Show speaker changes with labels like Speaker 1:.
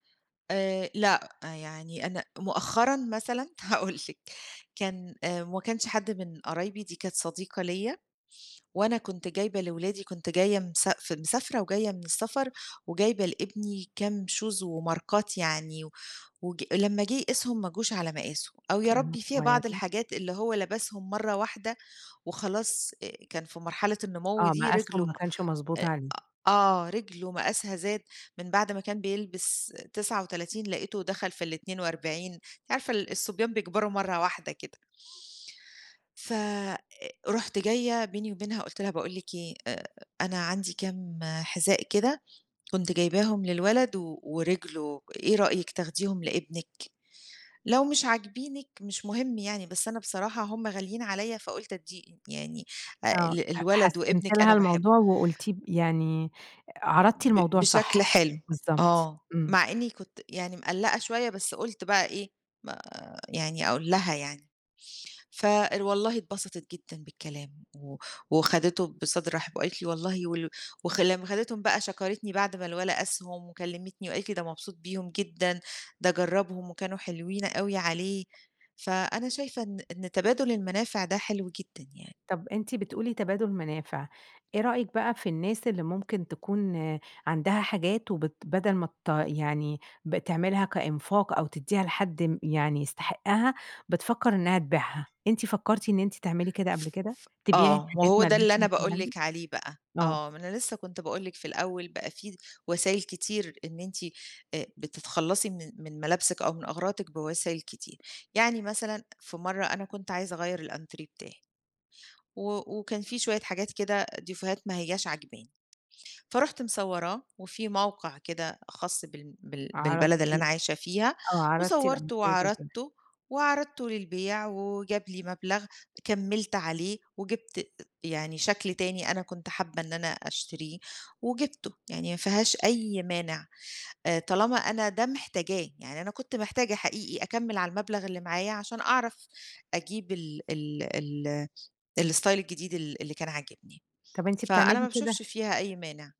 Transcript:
Speaker 1: آآ، لأ، يعني أنا مؤخرًا مثلًا هاقول لِك كان آآ، ما كانش حد من قرايبي، دي كانت صديقة ليَّ، وأنا كنت جايبة لولادي، كنت جاية مساف مسافرة وجاية من السفر، وجايبة لإبني كام shoes وماركات يعني، و وج لمّا جه يقيسهم ما جوش على مقاسه. أو يا
Speaker 2: كانوا
Speaker 1: ربي في بعض
Speaker 2: صغيّرين؟
Speaker 1: الحاجات اللي هو لبسهم مَرّة واحدة وخلاص، آآ، كان في مرحلة النمو
Speaker 2: آه،
Speaker 1: دي رجله
Speaker 2: مقاسهم ما كانش مضبوط
Speaker 1: آآ،
Speaker 2: عليه.
Speaker 1: أ آه رجله مقاسها زاد من بَعد ما كان بيلبس 39 لقيته دخل في ال42. أنتِ عارفة الصبيان بيكبروا مَرّة واحدة كده. ف أ رُحت جاية بيني وبينها قُلت لها: "باقول لِك إيه، أ أنا عندي كام حذاء كده كنت جايباهم للولد و ورجله إيه رأيِك تاخديهم لإبنك؟ لو مش عاجبينِك مش مهم يعني، بس أنا بصراحة هُم غاليين عليَّ فقلت أديه يعني أ
Speaker 2: آه، ح
Speaker 1: للولد
Speaker 2: حسّنتِ
Speaker 1: وإبنك
Speaker 2: لها
Speaker 1: أنا باحبه".
Speaker 2: الموضوع وقُلتيه ب يعني، عَرَضتِ
Speaker 1: ب
Speaker 2: الموضوع
Speaker 1: بشكل
Speaker 2: صح،
Speaker 1: حلو،
Speaker 2: بالضبط،
Speaker 1: آه.
Speaker 2: إمم.
Speaker 1: مع إني كنت يعني مقلّقة شوية، بس قُلت بَقى إيه ما يعني أقول لها يعني. فوالله اتبسطت جدًا بالكلام، و وخدتِه بصدر رحِب وقالت لي: "والله ول"، وخ لمّا خدتِهم بَقى شكرتني بعد ما الولد قاسهم، وكلمتني وقالت لي: "ده مبسوط بيهم جدًا، ده جرّبهم وكانوا حلوين أوي عليه"، فأنا شايفة إن إن تبادل المنافع ده حلو جدًا يعني.
Speaker 2: طَب أنتِ بتقولي تبادل منافع، إيه رأيِك بقى في الناس اللي ممكن تكون عندها حاجات وبت بدَل ما ت يعني بتعملها كإنفاق أو تديها لحد م يعني يستحقها، بتفكَّر إنها تبيعها؟ أنتِ فَكّرتِ إن أنتِ تعملي كده قبل
Speaker 1: ف
Speaker 2: كده،
Speaker 1: ف
Speaker 2: تبيعي
Speaker 1: آه،
Speaker 2: حاجات
Speaker 1: وهو
Speaker 2: ما
Speaker 1: ده اللي
Speaker 2: لهاش
Speaker 1: أنا
Speaker 2: لازمة
Speaker 1: باقول
Speaker 2: عندِك؟
Speaker 1: لِك عليه بقى.
Speaker 2: آه.
Speaker 1: آه، ما أنا لسه كنت باقول لِك في الأول بقى في وسايل كتير إن أنتِ أ بتتخلصي من من ملابسِك أو من أغراضِك بوسايل كتير. يعني مثلًا في مَرّة أنا كنت عايزة أغيَّر الأنتريه بتاعي، و وكان فيه شوية حاجات كده ديفوهات ما هياش عاجباني. فرُحت مصوراه، وفي موقع كده خاص بال بال بالبلد اللي
Speaker 2: عَرَضتيه
Speaker 1: أنا عايشة فيها،
Speaker 2: آه، عَرضتِ
Speaker 1: وصَوّرتُه
Speaker 2: الأنتريه للبيع.
Speaker 1: وعرضتُه، وعرضتُه للبيع، وجاب لي مبلغ كَمِّلت عليه، وجِبت يعني شكل تاني أنا كنت حابة إن أنا أشتريه، وجِبتُه. يعني ما فيهاش أي مانع، آآ، طالما أنا ده محتاجاه، يعني أنا كنت محتاجة حقيقي أكمِّل على المبلغ اللي معايا عشان أعرف أجيب ال ال ال الStyle الجديد ال اللي كان عاجبني.
Speaker 2: طَب أنتِ
Speaker 1: فأنا ما
Speaker 2: بتعملي
Speaker 1: باشوفش
Speaker 2: كده؟
Speaker 1: فيها أي مانع.